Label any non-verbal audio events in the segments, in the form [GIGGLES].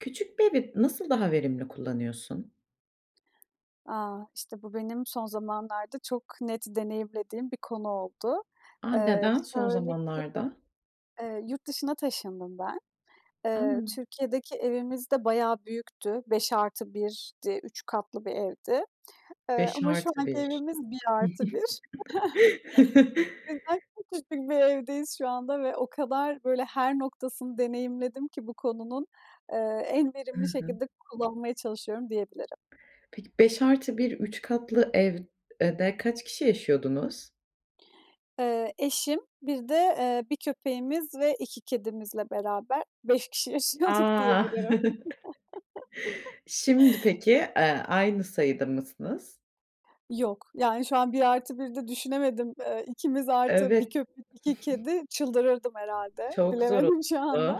Küçük bir evi nasıl daha verimli kullanıyorsun? A! İşte bu benim son zamanlarda çok net deneyimlediğim bir konu oldu. A, Eee, neden son şöyle ki, zamanlarda? eee, yurt dışına taşındım ben. Eee, A! Türkiye'deki evimiz de bayağı büyüktü. 5+1'di 3 katlı bir evdi. Eee, beş ama şu artı anki bir evimiz 1+1, [CHUCKLES] [CHUCKLES] cidden çok küçük bir evdeyiz şu anda ve o kadar böyle her noktasını deneyimledim ki bu konunun, eee, en Hı verimli hı. şekilde kullanmaya çalışıyorum diyebilirim. Peki 5+1 3 katlı evde kaç kişi yaşıyordunuz? Eee, eşim, bir de, eee, 1 köpeğimiz ve 2 kedimizle beraber 5 kişi yaşıyorduk A! diyebilirim. [CHUCKLES] [CHUCKLES] Şimdi peki, eee, aynı sayıda mısınız? Yok. Yani şu an 1+1'de düşünemedim. Eee, ikimiz artı 1 Evet. köpek, 2 kedi çıldırırdım [GIGGLES] herhâlde. Çok zor Bilemedim şu oluyor. anda.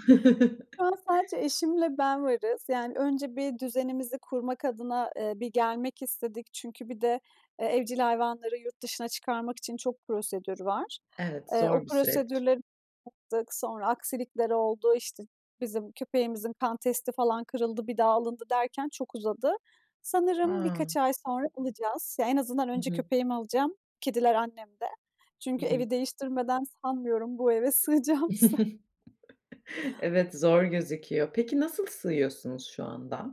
Şu an [CHUCKLES] sadece eşimle ben varız. Yani önce bir düzenimizi kurmak adına, eee, bir gelmek istedik. Çünkü bir de e evcil hayvanları yurt dışına çıkarmak için çok prosedür var. Evet, Eee, o zor bir süreç. prosedürleri yaptık, sonra aksilikler oldu, işte, bizim köpeğimizin kan testi, falan, kırıldı, bir daha alındı derken çok uzadı. Sanırım A! birkaç ay sonra alacağız. Ya en azından Hı önce hı. köpeğimi alacağım, kediler annemde. Hı Çünkü hı. evi değiştirmeden sanmıyorum bu eve sığacağımızı. [CHUCKLES] Evet, zor gözüküyor. Peki nasıl sığıyorsunuz şu anda?